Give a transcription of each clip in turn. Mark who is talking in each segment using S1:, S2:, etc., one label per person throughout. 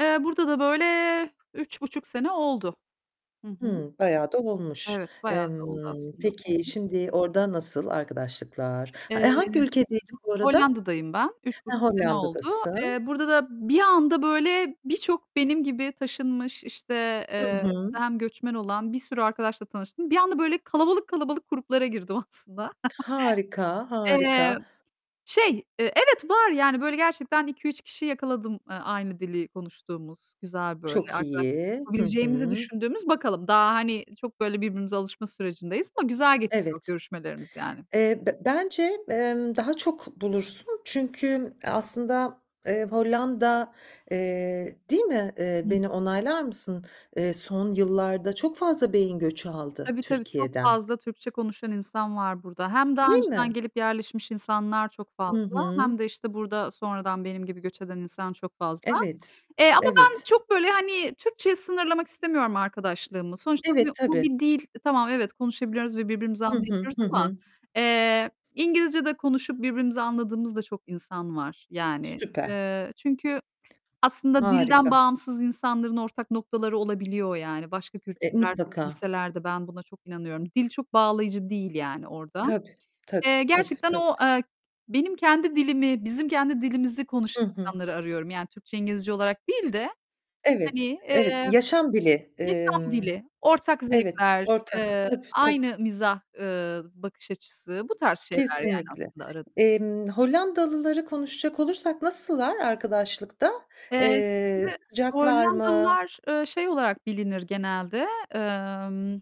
S1: Eee, burada da, böyle, 3,5 sene oldu. Hı hı.
S2: Hıı, bayağı da olmuş.
S1: Evet, bayağı da oldu
S2: Emm,
S1: aslında. Hı
S2: peki,
S1: hı.
S2: şimdi orada nasıl arkadaşlıklar?
S1: Eee, hı
S2: Eee, hangi
S1: hı.
S2: ülkedeydin bu arada?
S1: Hollanda'dayım ben. üç
S2: Eee,
S1: buçuk sene oldu.
S2: Hollanda'dasın.
S1: Eee, burada da bir anda, böyle, birçok benim gibi taşınmış, işte,
S2: Hı
S1: eee,
S2: hı.
S1: burada hem göçmen olan bir sürü arkadaşla tanıştım. Bir anda, böyle, kalabalık kalabalık gruplara girdim aslında.
S2: Harika,
S1: Eee,
S2: harika.
S1: şey, eee, evet var. Yani, böyle, gerçekten 2-3 kişiyi yakaladım, ııı, aynı dili konuştuğumuz güzel, böyle,
S2: Çok
S1: arkadaşlık
S2: iyi. Hı
S1: yapabileceğimizi
S2: hı.
S1: düşündüğümüz. Bakalım. Daha, hani, çok, böyle, birbirimize alışma sürecindeyiz ama güzel geçiyor
S2: Evet.
S1: görüşmelerimiz yani.
S2: Eee, be bence, emm, daha çok bulursun çünkü aslında, eee, Hollanda, eee Değil mi? Eee,
S1: I
S2: beni
S1: hı.
S2: onaylar mısın? Eee, son yıllarda çok fazla beyin göçü aldı
S1: Tabii, tabii, çok
S2: Türkiye'den.
S1: fazla Türkçe konuşan insan var burada. Hem daha
S2: Değil
S1: önceden
S2: mi?
S1: gelip yerleşmiş insanlar çok
S2: Hı
S1: fazla
S2: hı.
S1: hem de, işte, burada sonradan benim gibi göç eden insan çok fazla.
S2: Evet.
S1: Eee, ama ben
S2: Evet.
S1: çok, böyle, hani, Türkçeye sınırlamak istemiyorum arkadaşlığımı. Sonuçta
S2: Evet,
S1: bu bu
S2: tabii.
S1: bir dil. Tamam, evet, konuşabiliyoruz ve birbirimizi
S2: Hı hı,
S1: anlayabiliyoruz
S2: hı
S1: ama,
S2: hı.
S1: eee, İngilizce de konuşup birbirimizi anladığımız da çok insan var. Yani.
S2: Süper.
S1: Eee, çünkü aslında dilden
S2: Harika.
S1: bağımsız insanların ortak noktaları olabiliyor yani. Başka
S2: E,
S1: kültürlerde
S2: mutlaka.
S1: büyüseler de ben buna çok inanıyorum. Dil çok bağlayıcı değil yani orada.
S2: Tabii,
S1: Eee,
S2: tabii, tabii,
S1: gerçekten o,
S2: tabii.
S1: eee, benim kendi dilimi, bizim kendi dilimizi
S2: Hı
S1: konuşan
S2: hı.
S1: insanları arıyorum. Yani Türkçe, İngilizce olarak değil de, hani,
S2: Evet, evet,
S1: eee,
S2: yaşam dili.
S1: yaşam
S2: Emm
S1: dili, ortak
S2: Evet,
S1: zevkler,
S2: ortak.
S1: eee,
S2: Tabii, tabii.
S1: aynı mizah, ııı, bakış açısı... Bu tarz şeyler yani
S2: Kesinlikle.
S1: aslında ara
S2: Emm, Hollandalıları konuşacak olursak nasıllar arkadaşlıkta?
S1: Eee,
S2: Eee,
S1: şimdi
S2: sıcaklar mı?
S1: Hollandalılar, ııı, şey olarak bilinir genelde, emm,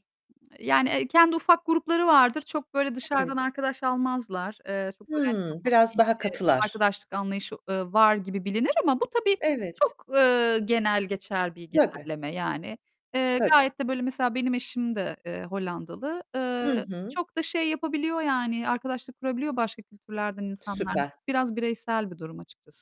S1: yani, eee, kendi ufak grupları vardır. Çok böyle dışarıdan
S2: Evet.
S1: arkadaş almazlar. Eee, çok, böyle, hani,
S2: Hımm,
S1: kapalı bir,
S2: biraz daha
S1: eee,
S2: katılar.
S1: arkadaşlık anlayışı, ııı, var gibi bilinir ama bu tabii
S2: Evet.
S1: çok, ııı, genel geçer bir
S2: Tabii.
S1: genelleme, yani. Eee,
S2: Tabii.
S1: gayet de, böyle, mesela benim eşim de, eee, Hollandalı.
S2: Hı
S1: Iıı,
S2: hı.
S1: çok da şey yapabiliyor yani; arkadaşlık kurabiliyor başka kültürlerden insanlar
S2: Süper.
S1: Biraz bireysel bir durum açıkçası.